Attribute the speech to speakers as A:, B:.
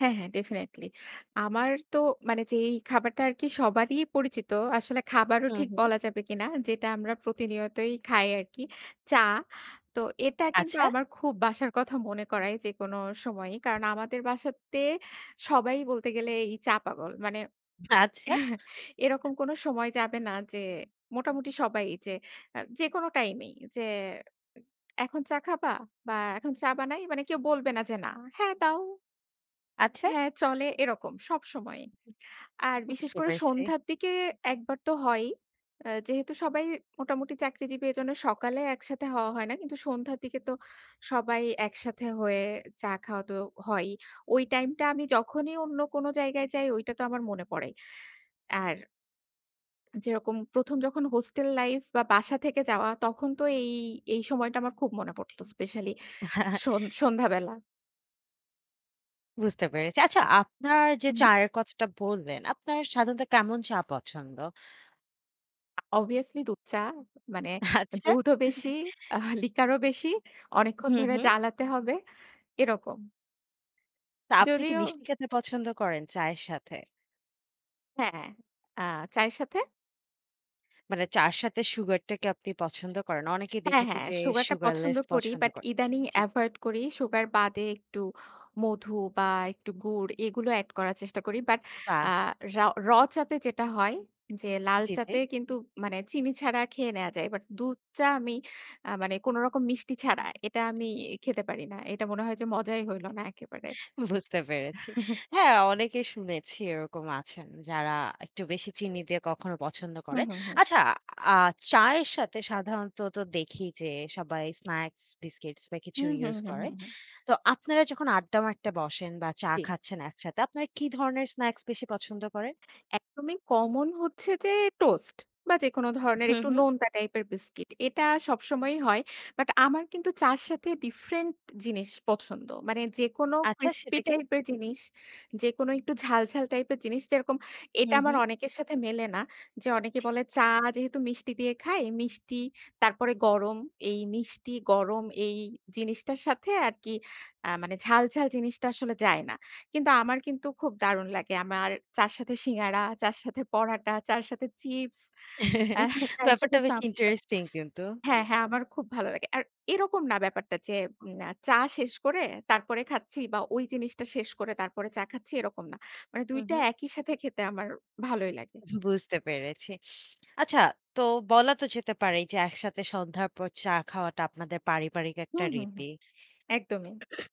A: হ্যাঁ, হ্যাঁ ডেফিনিটলি। আমার তো মানে যেই খাবারটা আরকি সবারই পরিচিত, আসলে খাবারও
B: হুম,
A: ঠিক
B: হুম।
A: বলা যাবে কিনা, যেটা আমরা প্রতিনিয়তই খাই আরকি, চা। তো এটা কিন্তু
B: আচ্ছা।
A: আমার খুব বাসার কথা মনে করায় যেকোনো সময়ই। কারণ আমাদের বাসাতে সবাই বলতে গেলে এই চা পাগল। মানে
B: আচ্ছা।
A: এরকম কোনো সময় যাবে না যে, মোটামুটি সবাই যে অ্যা যেকোনো টাইম এই যে এখন চা খাবা? বা এখন চা বানাই মানে কেউ বলবে না যে, না। হ্যাঁ দাও
B: আচ্ছা।
A: হ্যাঁ চলে এরকম সবসময়ই।
B: [unintelligible]
A: আর বিশেষ
B: বুঝতে
A: করে
B: পেরেছি।
A: সন্ধ্যার দিকে একবার তো হয়ই। অ্যা যেহেতু সবাই মোটামুটি চাকরিজীবী এজন্যে সকালে একসাথে হওয়া হয় না। কিন্তু সন্ধ্যার দিকে তো সবাই একসাথে হয়ে চা খাওয়া তো হয়ই। ওই টাইমটা আমি যখনই অন্য কোনো জায়গায় যাই, ঐটা তো আমার মনে পড়েই। আর যেরকম ১ম যখন হোস্টেল লাইফ বা বাসা থেকে যাওয়া, তখন তো এই, এই সময়টা আমার খুব মনে পড়ত স্পেশালি সন সন্ধ্যাবেলা।
B: বুঝতে পেরেছি। আচ্ছা আপনার যে,
A: হুম।
B: চায়ের কথাটা বললেন, আপনার সাধারণত কেমন চা পছন্দ?
A: অবভিয়াসলি দুধ চা, মানে
B: আচ্ছা।
A: দুধও বেশি, আহ লিকারও বেশি, অনেকক্ষণ
B: হুম,
A: ধরে
B: হুম।
A: জ্বালাতে হবে, এরকম।
B: তা আপনি কি
A: যদিও
B: মিষ্টি খেতে পছন্দ করেন চায়ের সাথে?
A: হ্যাঁ। আ চায়ের সাথে?
B: মানে চা'র সাথে সুগার টাকে আপনি পছন্দ করেন? অনেকেই
A: হ্যাঁ,
B: দেখেছি
A: হ্যাঁ
B: যে
A: সুগারটা পছন্দ
B: সুগারলেস
A: করি,
B: পছন্দ
A: বাট
B: করে।
A: ইদানিং
B: জি।
A: এভয়েড করি। সুগার বাদে একটু মধু বা একটু গুড় এগুলো অ্যাড করার চেষ্টা করি। বাট
B: বাহ!
A: আ রাও র চাতে যেটা হয়, যে
B: জি, জি।
A: লালচাতে কিন্তু মানে চিনি ছাড়া খেয়ে নেয়া যায়। বাট দুধ চা আমি আ মানে কোনো রকম মিষ্টি ছাড়া এটা আমি খেতে পারি না। এটা মনে হয় যে মজাই হইল না একেবারে।
B: বুঝতে পেরেছি। হ্যাঁ অনেকেই শুনেছি এরকম আছেন যারা একটু বেশি চিনি দিয়ে কখনো পছন্দ
A: হুম,
B: করেন।
A: হুম, হুম।
B: আচ্ছা আ চায়ের সাথে সাধারণত তো দেখি যে সবাই স্ন্যাক্স, বিস্কিটস বা কিছু
A: হুম, হুম,
B: ইউস
A: হুম,
B: করে।
A: হুম, হুম।
B: তো আপনারা যখন আড্ডা মারতে বসেন বা চা
A: জ্বী।
B: খাচ্ছেন একসাথে, আপনারা কি ধরনের স্ন্যাক্স বেশি পছন্দ করেন?
A: একদমই কমন হচ্ছে যে, টোস্ট বা যেকোনো ধরনের
B: হুম,
A: একটু
B: হুম।
A: নোনতা টাইপের বিস্কিট। এটা সবসময়ই হয়, বাট আমার কিন্তু চা'র সাথে ডিফরেন্ট জিনিস পছন্দ। মানে যেকোনো
B: আচ্ছা,
A: ক্রিসপি
B: সেটা কি?
A: টাইপ এর জিনিস, যেকোনো একটু ঝাল, ঝাল টাইপের জিনিস। যেরকম এটা
B: হুম,
A: আমার
B: হুম।
A: অনেকের সাথে মেলেনা যে, অনেকে বলে চা যেহেতু মিষ্টি দিয়ে খায়, মিষ্টি, তারপরে গরম। এই মিষ্টি গরম এই জিনিসটার সাথে আরকি আ মানে ঝাল, ঝাল জিনিসটা আসলে যায় না। কিন্তু আমার কিন্তু খুব দারুণ লাগে। আমার চা'র সাথে সিঙ্গাড়া, চা'র সাথে পরাটা, চা'র সাথে চিপস, অ্যা চায়ের সাথে
B: ব্যাপারটা বেশ
A: সাপটা।
B: ইন্টারেস্টিং কিন্তু।
A: হ্যাঁ, হ্যাঁ আমার খুব ভালো লাগে। আর এরকম না ব্যাপারটা যে, উম চা শেষ করে তারপরে খাচ্ছি বা ওই জিনিসটা শেষ করে তারপরে চা খাচ্ছি এরকম না। মানে ২
B: হুম,
A: টা
B: হুম।
A: একই সাথে খেতে আমার ভালোই লাগে।
B: বুঝতে পেরেছি। আচ্ছা তো বলা তো যেতে পারেই যে, একসাথে সন্ধ্যার পর চা খাওয়াটা আপনাদের পারিবারিক একটা
A: হুম, হুম, হুম,
B: রীতি।
A: একদমই।